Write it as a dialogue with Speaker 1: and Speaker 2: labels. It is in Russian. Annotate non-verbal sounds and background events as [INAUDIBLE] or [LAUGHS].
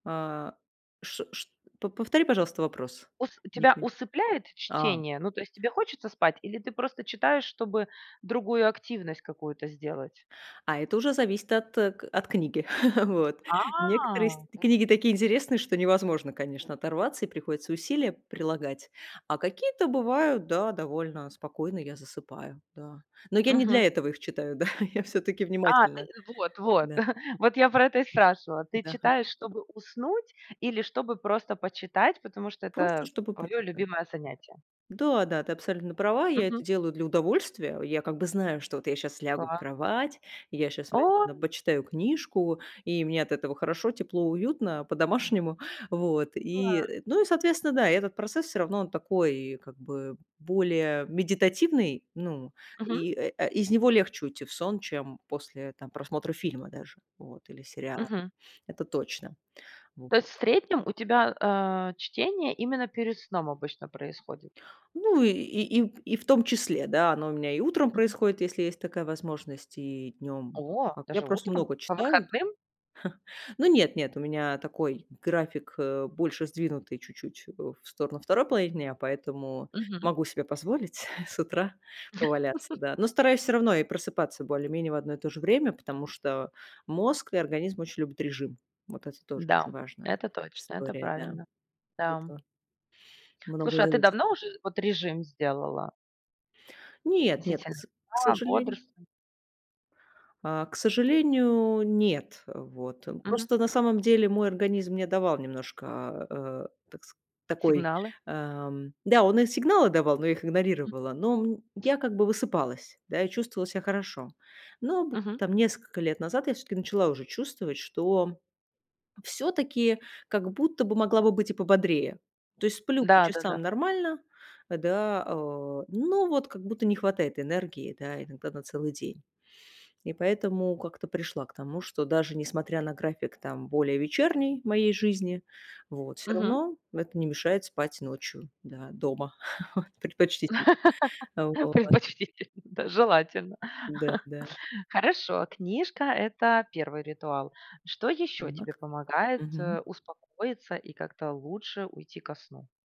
Speaker 1: А ш шт по повтори, пожалуйста, вопрос.
Speaker 2: Ус
Speaker 1: Не
Speaker 2: тебя
Speaker 1: пон
Speaker 2: усыпляет
Speaker 1: а.
Speaker 2: чтение? Ну, то есть, тебе хочется спать, или ты просто читаешь, чтобы другую активность какую-то сделать?
Speaker 1: А это уже зависит от, э, от книги. [CHUCKLES] Вот, некоторые с
Speaker 2: А.
Speaker 1: т книги такие интересные, что невозможно, конечно, оторваться, и приходится усилия прилагать. А какие-то бывают, да, довольно спокойно я засыпаю, да. Но я не для
Speaker 2: Мгм.
Speaker 1: этого их читаю, да, я всё-таки
Speaker 2: А, ты
Speaker 1: внимательна,
Speaker 2: вот, вот,
Speaker 1: да.
Speaker 2: [CHUCKLES] вот, я про это и спрашивала. Ты
Speaker 1: Да, га
Speaker 2: читаешь, чтобы уснуть, или чтобы просто почитать, потому что
Speaker 1: Просто,
Speaker 2: это
Speaker 1: чтобы
Speaker 2: твое
Speaker 1: почитать.
Speaker 2: любимое занятие?
Speaker 1: Да-да, ты абсолютно права. Я
Speaker 2: Мгм.
Speaker 1: это делаю для удовольствия. Я, как бы, знаю, что вот я щас лягу в
Speaker 2: Да.
Speaker 1: кровать, и я щас возь на
Speaker 2: Ой.
Speaker 1: ба почитаю книжку, и мне от этого хорошо, тепло, уютно, по-домашнему, вот. И,
Speaker 2: Класс.
Speaker 1: э, ну и, соответственно, да, и этот процесс, всё равно, он такой, как бы, более медитативный. Ну
Speaker 2: Мгм.
Speaker 1: и, э, а, из него легче уйти в сон, чем после, там, просмотра фильма даже, вот, или сериала.
Speaker 2: Мгм.
Speaker 1: Это точно, вот.
Speaker 2: То есть, в среднем, у тебя, а, чтение именно перед сном обычно происходит?
Speaker 1: Ну, и и и и в том числе, да. Оно у меня и утром
Speaker 2: Мгм.
Speaker 1: происходит, если есть такая возможность, и днем
Speaker 2: О,
Speaker 1: как Я
Speaker 2: даже
Speaker 1: просто
Speaker 2: утром?
Speaker 1: много
Speaker 2: По
Speaker 1: читаю.
Speaker 2: выходным?
Speaker 1: [CHUCKLES] Но нет, нет, у меня такой график, э, больше сдвинутый чуть-чуть, э, в сторону 2 половине дня, поэтому
Speaker 2: Мгм.
Speaker 1: могу себе позволить [CHUCKLES] с утра поваляться,
Speaker 2: [CHUCKLES]
Speaker 1: да. Но стараюсь, всё равно, и просыпаться более менее в одно и то же время, потому что мозг и организм очень любят режим. Вот это тоже очень
Speaker 2: Да,
Speaker 1: важная
Speaker 2: это точно, это
Speaker 1: история, да.
Speaker 2: правильно там.
Speaker 1: Это многое
Speaker 2: Слушай, а ты
Speaker 1: зависит.
Speaker 2: давно уже вот режим сделала?
Speaker 1: Нет, нет, к
Speaker 2: Относительно
Speaker 1: с к
Speaker 2: сна,
Speaker 1: сожалению
Speaker 2: бодрствования.
Speaker 1: а, к сожалению, нет, э, вот.
Speaker 2: Мгм.
Speaker 1: Просто, на самом деле, мой организм мне давал немножко, а, такс такой,
Speaker 2: Сигналы.
Speaker 1: ам, да, он и сигналы давал, но я их
Speaker 2: М.
Speaker 1: игнорировала. Но мнь я, как бы, высыпалась, да, и чувствовала ся хорошо. Но б
Speaker 2: Мгм.
Speaker 1: там, несколько лет назад я, всё-таки, начала уже чувствовать, что, всё-таки, как будто бы могла бы быть и пободрее. То есть сплю по
Speaker 2: Да, да-да.
Speaker 1: часам нормально, э, да, а, но вот как будто не хватает энергии, да, иногда на целый день. И поэтому как-то пришла к тому, что даже несмотря на график, там, более вечерней моей жизни, вот, всё
Speaker 2: Мгм.
Speaker 1: равно, это не мешает спать ночью, да, дома [CHUCKLES] предпочтительно,
Speaker 2: [LAUGHS]
Speaker 1: вот.
Speaker 2: Предпочтительно. Да, желательно.
Speaker 1: Да,
Speaker 2: [CHUCKLES]
Speaker 1: да.
Speaker 2: Хорошо. Книжка- это 1 ритуал. Что еще тебе
Speaker 1: Так,
Speaker 2: помогает,
Speaker 1: мгм.
Speaker 2: э, успокоиться и как-то лучше уйти ко сну?